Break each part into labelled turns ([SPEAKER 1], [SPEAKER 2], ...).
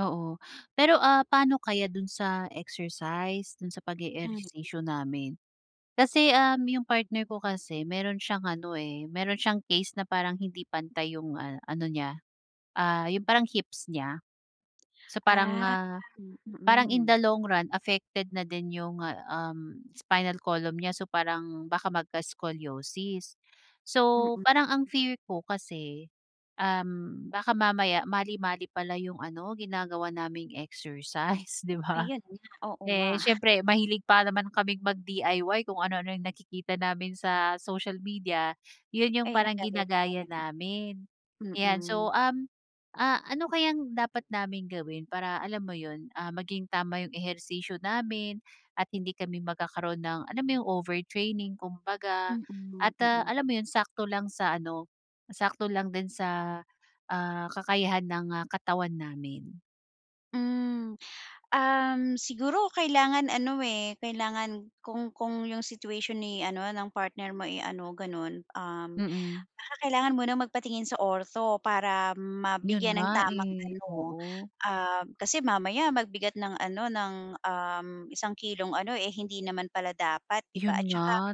[SPEAKER 1] Oo, pero, ah, paano kaya do'n sa exercise, do'n sa
[SPEAKER 2] Hmm.
[SPEAKER 1] pag-e-ehersisyo namin. Kasi, um, yung partner ko kasi mayro'n siyang ano, eh, mayro'n siyang case na parang hindi pantay yung, ah, ano niya, ah, yung parang hips nya. So, parang,
[SPEAKER 2] Ah,
[SPEAKER 1] ah,
[SPEAKER 2] hmm,
[SPEAKER 1] parang in
[SPEAKER 2] mm.
[SPEAKER 1] the long run affected na din yung, ah, um, spinal column nya. So, parang baka magka-scoliosis. So,
[SPEAKER 2] Mm.
[SPEAKER 1] parang ang fear ko kasi, um, baka mamaya mali-mali pala yung ano ginagawa naming exercise, di ba?
[SPEAKER 2] Ayan nga, oo nga.
[SPEAKER 1] Eh, siyempre mahilig pa naman kaming mag-DIY, kung ano-ano yung nakikita namin sa social media, yun yung
[SPEAKER 2] Ayun ang
[SPEAKER 1] parang
[SPEAKER 2] gagawin
[SPEAKER 1] ginagaya
[SPEAKER 2] natin?
[SPEAKER 1] namin, ayan.
[SPEAKER 2] Mm.
[SPEAKER 1] So, um, ah, ano kayang dapat naming gawin para, alam mo yun, ah, maging tama yung ehersisyo namin at hindi kami magkakaroon ng, alam mo yung overtraining, kumbaga
[SPEAKER 2] Mm,
[SPEAKER 1] at, ah,
[SPEAKER 2] mm.
[SPEAKER 1] alam mo yun, sakto lang sa ano, sakto lang din sa, ah, kakayahan ng, ah, katawan namin.
[SPEAKER 2] Mm, um, siguro kailangan ano, eh, kailangan kung kung yung situation ni ano, ng partner mo, eh, ano gano'n, um,
[SPEAKER 1] Mm.
[SPEAKER 2] baka kailangan mo nang magpatingin sa ortho para
[SPEAKER 1] Yun
[SPEAKER 2] mabigyan
[SPEAKER 1] nga,
[SPEAKER 2] ng tamang
[SPEAKER 1] eh,
[SPEAKER 2] ano.
[SPEAKER 1] oo.
[SPEAKER 2] Ah, kasi mamaya magbigat ng ano ng, um, isang kilong ano, eh, hindi naman pala dapat di ba
[SPEAKER 1] Yun
[SPEAKER 2] at saka
[SPEAKER 1] nga,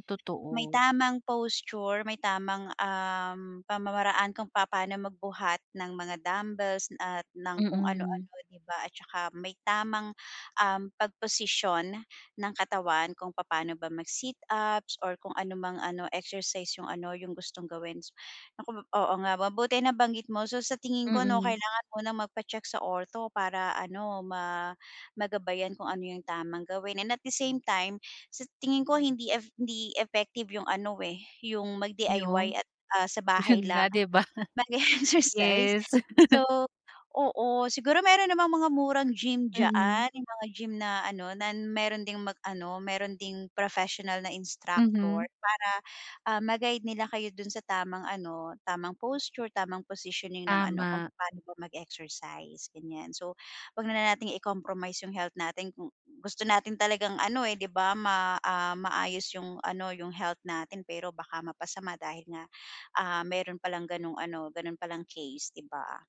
[SPEAKER 2] may
[SPEAKER 1] totoo.
[SPEAKER 2] tamang posture, may tamang, um, pamamaraan kung papaano magbuhat ng mga dumbbells at ng kung ano-ano,
[SPEAKER 1] Mm.
[SPEAKER 2] di ba? At saka may tamang, um, pagposisyon ng katawan kung papaano ba mag-sit ups or kung ano mang ano, exercise yung ano yung gustong gawin, s naku, oo nga, mabuti nabanggit mo. So, sa tingin ko 'no,
[SPEAKER 1] Mm.
[SPEAKER 2] kailangan munang magpa-check sa ortho para ano, ma magabayan kung ano yung tamang gawin and at the same time, sa tingin ko hindi eff hindi effective yung ano eh, yung mag-DIY
[SPEAKER 1] Yung?
[SPEAKER 2] at, ah, sa bahay
[SPEAKER 1] Yun nga,
[SPEAKER 2] lang
[SPEAKER 1] di ba?
[SPEAKER 2] mag-e-exercise.
[SPEAKER 1] Yes.
[SPEAKER 2] So, oo siguro mayro'n namang mga murang gym
[SPEAKER 1] Mm.
[SPEAKER 2] dyaan, yung mga gym na ano na mayro'n ding mag-ano, mayro'n ding professional na instructor
[SPEAKER 1] Mhm.
[SPEAKER 2] para, ah, ma-guide nila kayo do'n sa tamang ano, tamang posture, tamang positioning ng ano, kung
[SPEAKER 1] Tama.
[SPEAKER 2] papaano ba mag-exercise, ganiyan. So, 'wag na natin i-compromise yung health natin kung gusto natin talagang ano, eh, 'di ba ma, ah, maayos yung ano, yung health natin. Pero baka mapasama dahil nga, ah, mayro'n palang gano'ng ano, gano'n palang case, 'di ba?